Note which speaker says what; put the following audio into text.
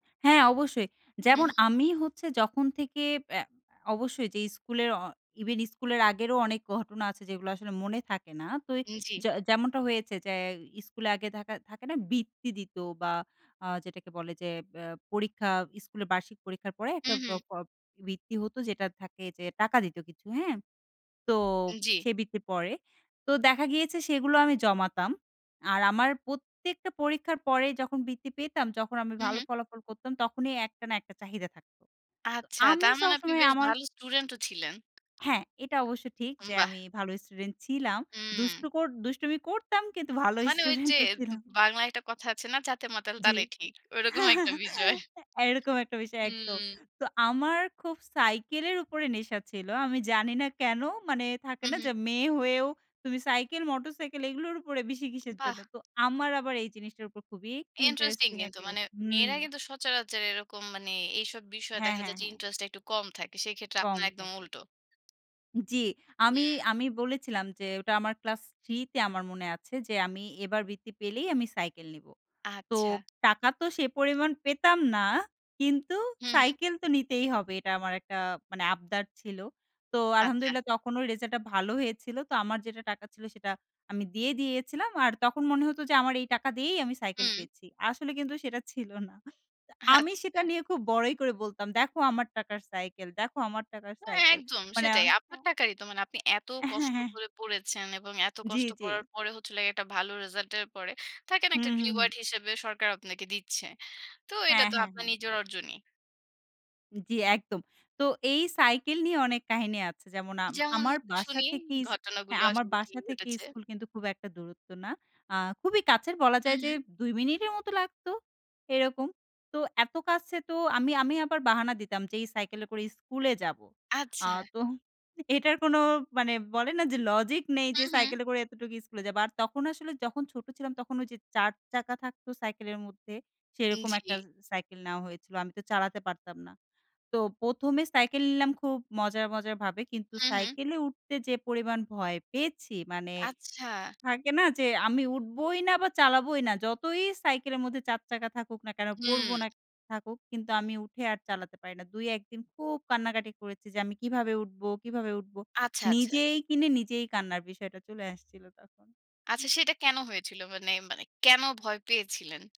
Speaker 1: হ্যাঁ অবশ্যই।
Speaker 2: হুম,
Speaker 1: যেমন
Speaker 2: হুম।
Speaker 1: আমি হচ্ছে যখন থেকে এ্যা অবশ্যই যেই স্কুলের ইভেন স্কুলের আগেরও অনেক ঘটনা আছে যেগুলো আসলে মনে থাকে না। তো
Speaker 2: উম জ্বি।
Speaker 1: যে যেমনটা হয়েছে যে স্কুলে আগে থাকা থাকে না বৃত্তি দিত বা আ যেটাকে বলে যে এ্যা পরীক্ষা স্কুলের বার্ষিক পরীক্ষার পরে একটা
Speaker 2: হুম,
Speaker 1: বা
Speaker 2: হুম।
Speaker 1: প বৃত্তি হত। যেটা থাকে যে টাকা দিত কিছু, হ্যাঁ? তো
Speaker 2: জ্বী।
Speaker 1: সেই বৃত্তির পরে। তো দেখা গিয়েছে সেগুলো আমি জমাতাম। আর আমার প্রত্যেকটা পরীক্ষার পরে যখন বৃত্তি পেতাম যখন আমি
Speaker 2: হুম,
Speaker 1: ভালো
Speaker 2: হুম।
Speaker 1: ফলাফল করতাম তখনই একটা না একটা চাহিদা থাকত। তো
Speaker 2: আচ্ছা।
Speaker 1: আমি
Speaker 2: তার মানে আপনি
Speaker 1: সবসময়
Speaker 2: বেশ
Speaker 1: আমার
Speaker 2: ভালো স্টুডেন্ট ও ছিলেন?
Speaker 1: হ্যাঁ, এটা অবশ্য ঠিক। যে
Speaker 2: বাহ!
Speaker 1: আমি ভালো স্টুডেন্ট ছিলাম।
Speaker 2: হুম।
Speaker 1: দুষ্টু কর দুষ্টুমি করতাম কিন্তু ভালো
Speaker 2: মানে ওই যে
Speaker 1: স্টুডেন্ট ও
Speaker 2: বা
Speaker 1: ছিলাম।
Speaker 2: বাংলায় একটা কথা আছে না? জাতে মাতাল
Speaker 1: জ্বী।
Speaker 2: তালে ঠিক। ঐরকম একটা বিষয়।
Speaker 1: এ এরকম একটা বিষয় একদম।
Speaker 2: হুম।
Speaker 1: তো আমার খুব সাইকেলের উপরে নেশা ছিল। আমি জানি না কেন মানে থাকে
Speaker 2: হুম,
Speaker 1: না যে
Speaker 2: হুম।
Speaker 1: মেয়ে হয়েও তুমি সাইকেল মোটরসাইকেল এগুলোর উপরে বেশি কিসের জন্য?
Speaker 2: বাহ!
Speaker 1: তো আমার আবার এই জিনিসটার উপর খুবই একটু
Speaker 2: Interesting
Speaker 1: Interesting
Speaker 2: কিন্তু।
Speaker 1: একটা ইয়ে
Speaker 2: মানে
Speaker 1: ছিল হুম।
Speaker 2: মেয়েরা কিন্তু সচরাচর এরকম মানে এইসব বিষয়ে
Speaker 1: হ্যাঁ,
Speaker 2: দেখা যায়
Speaker 1: হ্যাঁ,
Speaker 2: যে
Speaker 1: হ্যাঁ।
Speaker 2: Interesting টা একটু কম থাকে। সেক্ষেত্রে
Speaker 1: কম
Speaker 2: আপনার
Speaker 1: থাকে।
Speaker 2: একদম উল্টো।
Speaker 1: জ্বী, আমি
Speaker 2: হুম।
Speaker 1: আমি বলেছিলাম যে ওটা আমার ক্লাস ৩ তে আমার মনে আছে যে আমি এবার বৃত্তি পেলেই আমি সাইকেল নিবো। তো
Speaker 2: আচ্ছা।
Speaker 1: টাকা তো সে পরিমাণ পেতাম না। কিন্তু
Speaker 2: হুম, হুম।
Speaker 1: সাইকেল তো নিতেই হবে। এটা আমার একটা মানে আবদার ছিল। তো الحمد
Speaker 2: আচ্ছা।
Speaker 1: لله তখনও রিসাল্ট টা ভালো হয়েছিল। তো আমার যেটা টাকা ছিল সেটা আমি দিয়েই দিয়েছিলাম। আর তখন মনে হতো যে আমার এই টাকা দিয়েই আমি সাইকেল
Speaker 2: হুম।
Speaker 1: পেয়েছি। আসলে কিন্তু সেটা ছিল না। তো আমি
Speaker 2: আচ্ছা।
Speaker 1: সেটা নিয়ে খুব বড়াই করে বলতাম দেখো আমার টাকার সাইকেল, দেখো আমার টাকার সাইকেল
Speaker 2: একদম
Speaker 1: মানে
Speaker 2: সেটাই। আপনার
Speaker 1: হ্যাঁ।
Speaker 2: টাকারই তো মানে আপনি এত
Speaker 1: হ্যাঁ,
Speaker 2: কষ্ট
Speaker 1: হ্যাঁ।
Speaker 2: করে পড়েছেন এবং এত
Speaker 1: জ্বী,
Speaker 2: কষ্ট
Speaker 1: জ্বী।
Speaker 2: করার পরে হচ্ছে হলো গিয়ে ১টা ভালো রিসাল্ট এর পরে থাকে না একটা
Speaker 1: হুম, হুম,
Speaker 2: Reward
Speaker 1: হুম।
Speaker 2: হিসেবে সরকার আপনাকে দিচ্ছে। তো এটা
Speaker 1: হ্যাঁ,
Speaker 2: তো
Speaker 1: হ্যাঁ,
Speaker 2: আপনার
Speaker 1: হ্যাঁ।
Speaker 2: নিজের অর্জনই।
Speaker 1: জ্বী, একদম। তো এই সাইকেল নিয়ে অনেক কাহিনী আছে। যেমন আম
Speaker 2: যেমন
Speaker 1: আমার বাসা
Speaker 2: শুনি
Speaker 1: থেকেই ইছ হ্যাঁ
Speaker 2: ঘটনাগুলো
Speaker 1: আমার
Speaker 2: আসলে কি
Speaker 1: বাসা থেকে
Speaker 2: ঘটেছে?
Speaker 1: স্কুল কিন্তু খুব একটা দূরত্ব না। আ খুবই কাছের বলা যায়
Speaker 2: হুম,
Speaker 1: যে
Speaker 2: হুম।
Speaker 1: ২ মিনিটের মতো লাগতো এরকম। তো এত কাছে তো আমি আমি আবার বাহানা দিতাম যে এই সাইকেলে করে স্কুলে যাবো। আ
Speaker 2: আচ্ছা।
Speaker 1: তো এটার কোনো মানে বলে না যে লজিক নেই যে
Speaker 2: হুম, হুম।
Speaker 1: সাইকেলে করে এতটুকু স্কুলে যাবো। আর তখন আসলে যখন ছোট ছিলাম তখন ওই যে ৪ চাকা থাকতো সাইকেলের মধ্যে সেরকম ১ টা
Speaker 2: জ্বী।
Speaker 1: সাইকেল নেওয়া হয়েছিল। আমি তো চালাতে পারতাম না। তো ১ম এ সাইকেল নিলাম খুব মজার মজার ভাবে কিন্তু
Speaker 2: হুম, হুম।
Speaker 1: সাইকেলে উঠতে যে পরিমাণ ভয় পেয়েছি। মানে
Speaker 2: আচ্ছা।
Speaker 1: থাকে না যে আমি উঠবই না বা চালাবোই না যতই সাইকেলের মধ্যে ৪ চাকা থাকুক না কেন পড়ব
Speaker 2: হুম।
Speaker 1: না থাকুক কিন্তু আমি উঠে আর চালাতে পারি না। ২ ১ দিন খুব কান্নাকাটি করেছি। যে আমি কিভাবে উঠবো, কিভাবে উঠবো?
Speaker 2: আচ্ছা, আচ্ছা।
Speaker 1: নিজেই কিনে নিজেই কান্নার বিষয়টা চলে আসছিল তখন।
Speaker 2: আচ্ছা, সেটা কেন হয়েছিল? মানে মানে কেন ভয় পেয়েছিলেন?